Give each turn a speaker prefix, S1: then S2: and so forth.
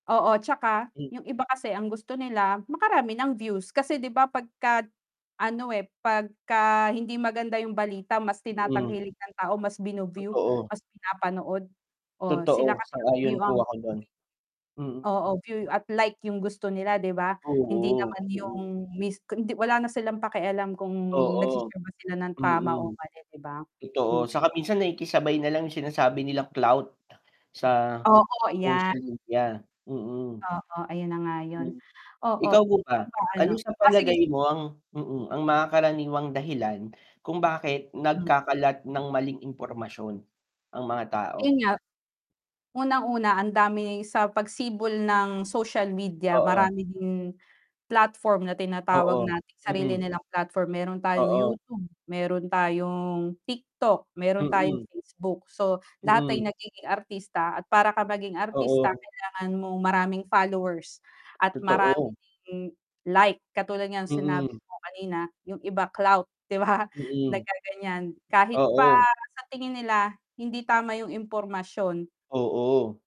S1: Oo tsaka
S2: Hm.
S1: yung iba kasi ang gusto nila makarami ng views kasi 'di ba pagka ano, eh, pagka hindi maganda yung balita mas
S2: Mhm.
S1: tinatangkilik ng tao, mas bino-view,
S2: Totoo.
S1: mas pinapanood. Oh, sila
S2: Totoo,
S1: kasi
S2: sang-ayon
S1: view ang
S2: po ako dun, mm.
S1: Oo, view at like yung gusto nila 'di ba? Hindi
S2: Oo,
S1: naman yung
S2: mm.
S1: miss wala na silang pakialam kung
S2: Oo,
S1: nag-se-share sila ng tama
S2: mm.
S1: o mali 'di ba?
S2: Totoo,
S1: Hm.
S2: saka minsan nakikisabay nalang yung sinasabi nilang clout sa
S1: Oo yan.
S2: social media, mm.
S1: Oo, ayun na nga yun.
S2: Hm,
S1: Oo,
S2: ikaw po
S1: ikaw
S2: ba?
S1: ba ano
S2: Anu sa
S1: o, sige
S2: palagay mo ang mm ang mga karaniwang dahilan kung bakit
S1: M.
S2: nagkakalat ng maling impormasyon ang mga
S1: Yun
S2: tao?
S1: nga, unang-una ang dami sa pagsibol ng social media,
S2: Oo.
S1: marami din platform na tinatawag
S2: Oo
S1: natin sarili
S2: mm.
S1: nilang platform, meron tayong
S2: Oo.
S1: YouTube, meron tayong TikTok, meron tayong
S2: Mm.
S1: Facebook, so lahat ay
S2: Mm.
S1: nagiging artista at para ka maging artista
S2: Oo.
S1: kailangan mong maraming followers at maraming
S2: Totoo.
S1: ding like katulad ng sinabi
S2: Mm.
S1: mo kanina yung iba clout 'di ba,
S2: Mm.
S1: naggaganyan kahit pa
S2: Oo.
S1: sa tingin nila hindi tama yung impormasyon.
S2: Oo.